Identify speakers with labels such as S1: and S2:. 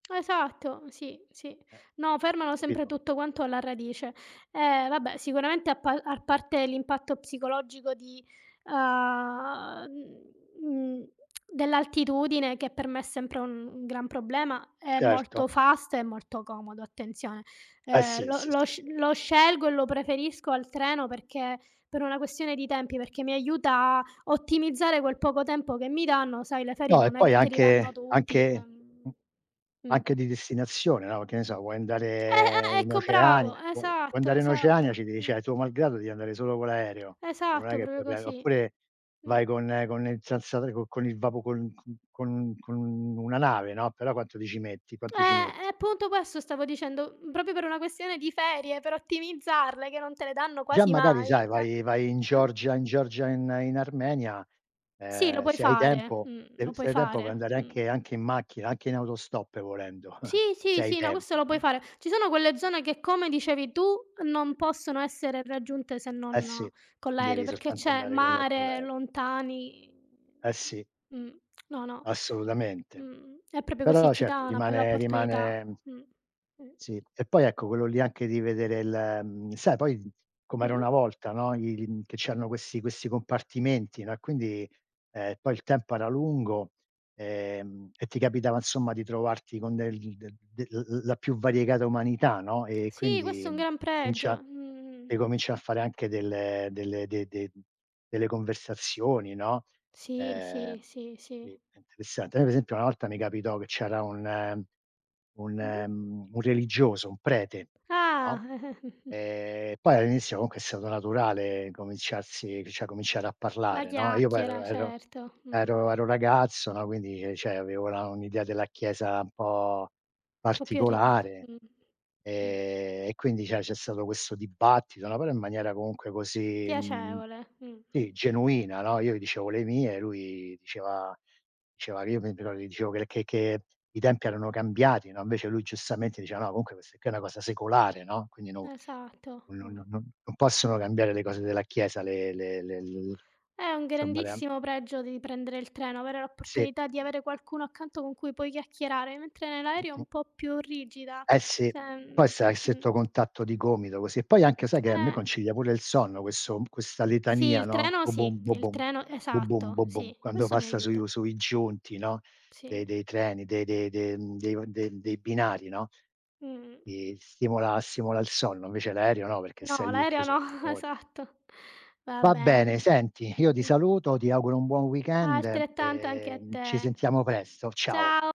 S1: Esatto sì, sì.
S2: Eh
S1: No, fermano sempre
S2: capito.
S1: tutto quanto alla radice. Eh vabbè, sicuramente a par a parte l'impatto psicologico di, uhm, mhmm, dell'altitudine che per me è sempre un -un gran problema, è
S2: Certo.
S1: molto fast e molto comodo attenzione.
S2: Eh
S1: Ehm,
S2: sì,
S1: lo
S2: sì,
S1: lo
S2: sì, è
S1: sc
S2: vero, è
S1: lo
S2: vero.
S1: scelgo e lo preferisco al treno perché per una questione di tempi, perché mi aiuta a ottimizzare quel poco tempo che mi danno, sai le ferie
S2: No, e
S1: non è
S2: poi
S1: che te li danno
S2: anche
S1: tutti,
S2: anche mhmm,
S1: ehm mh.
S2: anche di destinazione, no, che ne so, vuoi
S1: Eh,
S2: andare
S1: eh,
S2: in
S1: ecco bravo,
S2: Oceania vuoi
S1: esatto,
S2: andare in Oceania,
S1: esatto,
S2: ci di
S1: mh.
S2: cioè tuo malgrado devi andare solo con l'aereo. Eh, non è
S1: Esatto
S2: che
S1: proprio
S2: puoi pre
S1: così,
S2: oppure
S1: mh.
S2: vai con con il senza co con il vapo con c con con una nave, no, però quanto ti ci metti? Quanto ci
S1: Eh, e
S2: metti?
S1: appunto questo stavo dicendo, mhmm, proprio per una questione di ferie, per ottimizzarle che non te le danno
S2: Già
S1: quasi
S2: magari
S1: mai,
S2: sai
S1: eh,
S2: vai vai in
S1: eh.
S2: Georgia in Georgia, in in Armenia,
S1: Sì, lo
S2: ehm,
S1: puoi
S2: se hai
S1: fare,
S2: tempo
S1: mh,
S2: se
S1: lo
S2: v
S1: puoi
S2: se hai tempo puoi
S1: fare,
S2: andare
S1: mh.
S2: anche anche in macchina, anche in autostop volendo,
S1: Sì,
S2: se
S1: sì,
S2: hai
S1: sì, no questo
S2: tempo,
S1: lo puoi
S2: no?
S1: fare. Ci sono quelle zone che, come dicevi tu, non possono essere raggiunte se
S2: Eh
S1: non
S2: sì,
S1: con l'aereo,
S2: devi
S1: perché
S2: soltanto
S1: c'è
S2: andare con l'a con
S1: mare
S2: l'aereo.
S1: lontani
S2: Eh
S1: [unintelligible]
S2: sì.
S1: mh. No, no.
S2: Assolutamente.
S1: Mh-mh, è proprio così,
S2: Però
S1: ci dà
S2: certo
S1: una bella
S2: rimane
S1: opportunità.
S2: rimane, mhmm
S1: Mh, mh.
S2: Sì. E poi ecco quello lì anche di vedere l mhmm, sai poi com'era
S1: Mh-mh.
S2: una volta, no, il mhmm, che c'erano questi questi compartimenti, no, e quindi, ehm, poi il tempo era lungo, ehm, e ti capitava insomma di trovarti con del de del l l la più variegata umanità, no, e
S1: Sì, questo
S2: quindi
S1: è un gran pregio.
S2: comincia
S1: Mh.
S2: e comincia a fare anche delle delle de de mhmm, delle conversazioni, no;
S1: Sì, sì,
S2: ehm,
S1: sì,
S2: sì
S1: sì.
S2: è interessante. Noi per esempio una volta mi capitò che c'era un un
S1: Mh-mh.
S2: mhmm, un religioso, un prete, no.
S1: Ah.
S2: Ehm, poi all'inizio comunque è stato naturale cominciarsi cioè cominciare a
S1: La
S2: parlare, no. Io poi ero
S1: chiacchiera,
S2: ero
S1: certo, mh-mh.
S2: ero ero ragazzo, no, quindi ehm, cioè avevo la un'idea della chiesa un po'
S1: Po' più ri [unintelligible]
S2: particolare.
S1: mh. Mh.
S2: Ehm, e quindi cioè c'è stato questo dibattito, no, però in maniera comunque così, mhmm,
S1: Piacevole, mh, mh.
S2: sì genuina, no. Io gli dicevo le mie, lui diceva diceva che io pe però gli dicevo che l che che i tempi erano cambiati, no, invece lui giustamente diceva: "No, comunque questa qui è una cosa secolare, no, quindi non
S1: Esatto,
S2: no no
S1: ah.
S2: non non possono cambiare le cose della chiesa, le le le l
S1: È un
S2: insomma somma le amm"
S1: grandissimo pregio di prendere il treno, avere
S2: Sì.
S1: l'opportunità di avere qualcuno accanto con cui puoi chiacchierare, mentre nell'aereo è
S2: Mh-mh.
S1: un po' più rigida.
S2: Eh sì,
S1: Cioè,
S2: poi
S1: mhmm
S2: stai a
S1: mh.
S2: stretto contatto di gomito così; poi anche sai che a me
S1: Eh.
S2: concilia pure il sonno questo questa
S1: Sì,
S2: litania,
S1: il
S2: no:
S1: treno sì,
S2: "bobom,
S1: il
S2: bobom,
S1: treno
S2: bobom
S1: esatto,
S2: bobom",
S1: sì,
S2: quando
S1: questo mi
S2: passa sui
S1: aiuta.
S2: v sui giunti no, de
S1: Sì.
S2: dei treni, de de de mhmm, dei de dei binari no,
S1: Mh-mh.
S2: mi stimola stimola il sonno invece l'aereo no, perché
S1: No
S2: stai lì
S1: l'aereo
S2: chiuso
S1: no,
S2: [unintelligible]
S1: esatto. Va
S2: Va bene
S1: bene.
S2: senti, io ti
S1: Mh.
S2: saluto, ti auguro un buon weekend
S1: Altrettanto anche
S2: e,
S1: a
S2: mhmm, ci
S1: te.
S2: sentiamo presto. Ciao.
S1: Ciao.